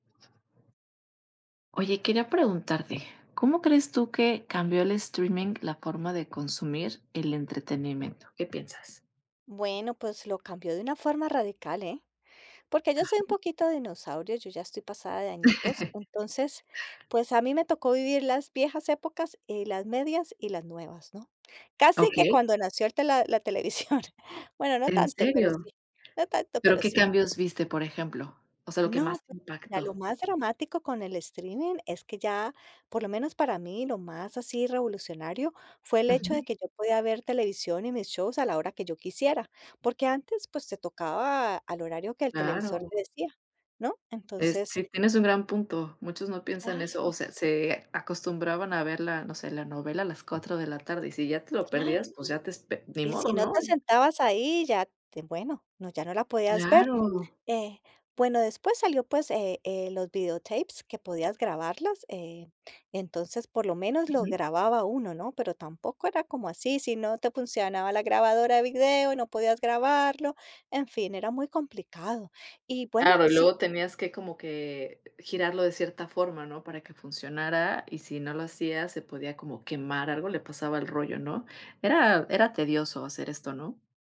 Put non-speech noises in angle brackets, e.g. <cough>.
Oye, quería preguntarte, ¿cómo crees tú que cambió el streaming la forma de consumir el entretenimiento? ¿Qué piensas? Bueno, pues, lo cambió de una forma radical, ¿eh? Porque yo soy un Ajá. poquito dinosaurio, yo ya estoy pasada de añitos, <chuckles> entonces, pues, a mí me tocó vivir las viejas épocas y las medias y las nuevas, ¿no? Casi que Okey. cuando nació el tela la televisión, bueno, no ¿En tanto pero serio? sí. No tanto Pero, pero ¿qué sí. cambios viste, por ejemplo? O sea, lo que No, más te pues, mira, lo impactó. más dramático con el streaming es que ya, por lo menos para mí, lo más así revolucionario fue el hecho Ujú. de que yo podía ver televisión y mis shows a la hora que yo quisiera, porque antes, pues, te tocaba al horario que el televisor Claro. te decía, ¿no? Es Entonces sí tienes un gran punto, muchos no piensan eso, o Claro. sea, se acostumbraban a ver la, no sé, la novela a las 4 de la tarde y si ya te lo Claro, perdías, pues, ya te espe ni y si modo, no ¿no? te sentabas ahí, ya te bueno, no ya no la podías ver, Claro. eh, bueno, después salió, pues, eh eh, los videotapes que podías grabarlos, eh, entonces, por lo menos lo Ujú. grababa uno, ¿no? Pero tampoco era como así, si no te funcionaba la grabadora de video y no podías grabarlo, en fin, era muy complicado, y bueno, Claro y si luego tenías que como que girarlo de cierta forma, ¿no? Para que funcionara, y si no lo hacías se podía como quemar algo, le pasaba al rollo, ¿no? Era era tedioso hacer esto, ¿no?